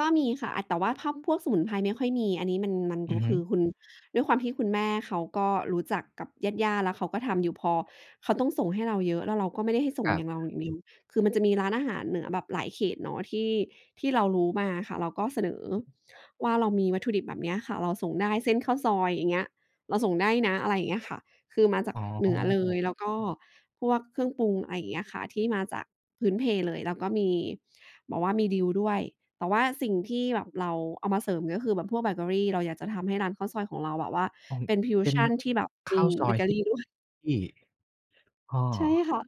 ก็มีค่ะ อะ แต่ว่าถ้าพวกสมุนไพรไม่ค่อยมี อันนี้มัน มันอดืู อฮึ คือคุณ ด้วยความที่คุณแม่เขาก็รู้จักกับญาติ ๆ แล้วเขาก็ทำอยู่ พอเขาต้องส่งให้เราเยอะ แล้วเราก็ไม่ได้ให้ส่งครัอยบ ่างเราอย่างเดียว คือมันจะมีร้านอาหารเหนือแบบหลายเขตเนาะ ที่ ที่เรารู้มาอะค่ะ เราก็เสนออือฮึ ว่า เรามีวัตถุดิบแบบเนี้ยค่ะ เราส่งได้ เส้นข้าวซอย อย่างเงี้ย เราส่งได้นะ อะไรอย่างเงี้ยค่ะ คือมาจากอ๋เหนือเลอ ย แล้วก็พวกเครื่องปรุง อะไรอย่างเงี้ยอะค่ะ ที่มาจากพื้นเพเลย แล้วก็มี บอกว่ามีดีลด้วย แต่ว่าสิ่งที่แบบเราเอามาเสริม ก็คือแบบพวกเบเกอรี เราอยากจะทำให้ร้านข้าวซอยของเราแบบว่า โอ้ เป็นพิวเป็ชน ัน ที่แบบขมี้าวซเอบยเกอที่ รี ด้วย อ้อ ใช่ค่ะ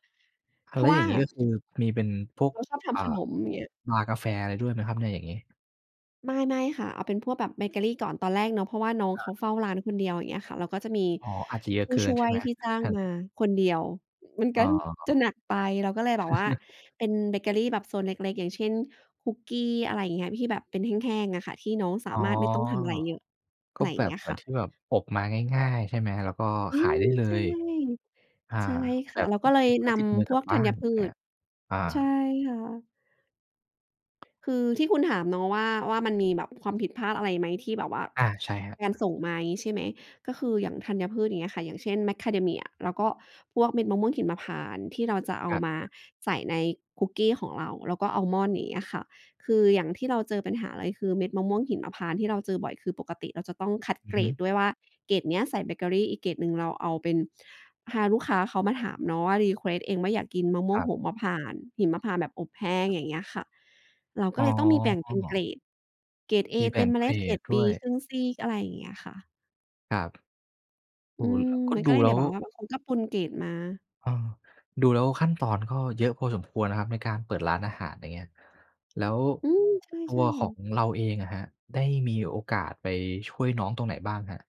อเา พแรลา้ะววอย่่า างงี้ก็คือมีเป็นพวก เราชอบทอ่า ำขนม อย่างเงี้ย ชา กาแฟ อะไรด้วยไหมครับเนี่ยอย่างงี้? ไม่ ๆ ค่ะ เอาเป็นพวกแบบเบเกอรีก่อน ตอนแรกเนาะ เพราะว่าน้องครเขัาบ เฝ้าร้านคนเดียว อย่างเงี้ยค่ะ แล้วก็จะมีอ๋อ อาจจะเยอผะูเ้กิชน่ใชว่ยไหม? ที่จ้าแงฮต มาคนเดียว มันอก้็อ จะหนักไป เราก็เลยแบบว่าเป็นเบเกอรีแบบโซนเล็ก ๆ อย่างเช่น คุกกี้ อะไรอย่างเงี้ย ที่แบบเป็นแห้ง ๆ อะค่ะ ที่น้องสาอ๋อ มารถไม่ต้องทำอะไรเยอะ กอะ็ไรอย่แบางเงบ ี้ยเหมืคอน่ะ ที่แบบอบมาง่าย ๆ ใช่ไหม? แล้วก็อืขายม ได้เลใช่ ย อา ใช่คแบ่ะ บเราก็เลตยิดไม้นติดมือำพกลัวบกธบ้ัาญน พืแอะ ช อา ใช่ค่ะ คือที่คุณถามเนาะว่า ว่า มันมีแบบความผิดพลาดอะไรไหม? ที่แบบว่า อา ใช่ครับ การส่งมางี้ใช่ไหม? ก็คืออย่างธัญพืช อย่างเงี้ยค่ะ อย่างเช่น Macadamia แล้วก็พวกเม็ดมะม่วงหิมพานต์ ที่เราจะเอคารับ มาใส่ในคุกกี้ของเรา แล้วก็อามอนด์ อย่างเงี้ยค่ะ คืออย่างที่เราเจอปัญหาเลยคือเม็ดมะม่วงหิมพานต์ ที่เราเจอบ่อย คือปกติเราจะต้องคัดอืเกอรฮึ ดด้วยว่า เกรดเนี้ยใส่เบเกอรี อีกเกรดหนึ่งเราเอาเป็น ฮาลูกค้าเขามาถามเนาะ รีเควสต์เองว่าอยากกินมะม่วคงรัโบ หมพานต์ หิมพานต์แบบอบแห้ง อย่างเงี้ยค่ะ เรากอ็๋เลยต้องมีแบ่งเป็นเกรอ ด เกรดเอมีแบเต่็งมเมเกลร็ด เกรดดดบ้ีวย ครึ่งซีก อะไรอย่างเงี้ยค่ะ ครับ เออือ ม ก็มันดก็ูเลย แเลน้ี่ยว แบบว่าแบบเขาก็ปนเกรดมา เออ ดูแล้วขั้นตอนก็เยอะพอสมควรนะครับ ในการเปิดร้านอาหารอย่างเงี้ย แล้วอืม ใช่ ตๆ ัคว่ของะ เราเองอะครับ ได้มีโอกาสไปช่วยน้องตรงไหนบ้างครับ?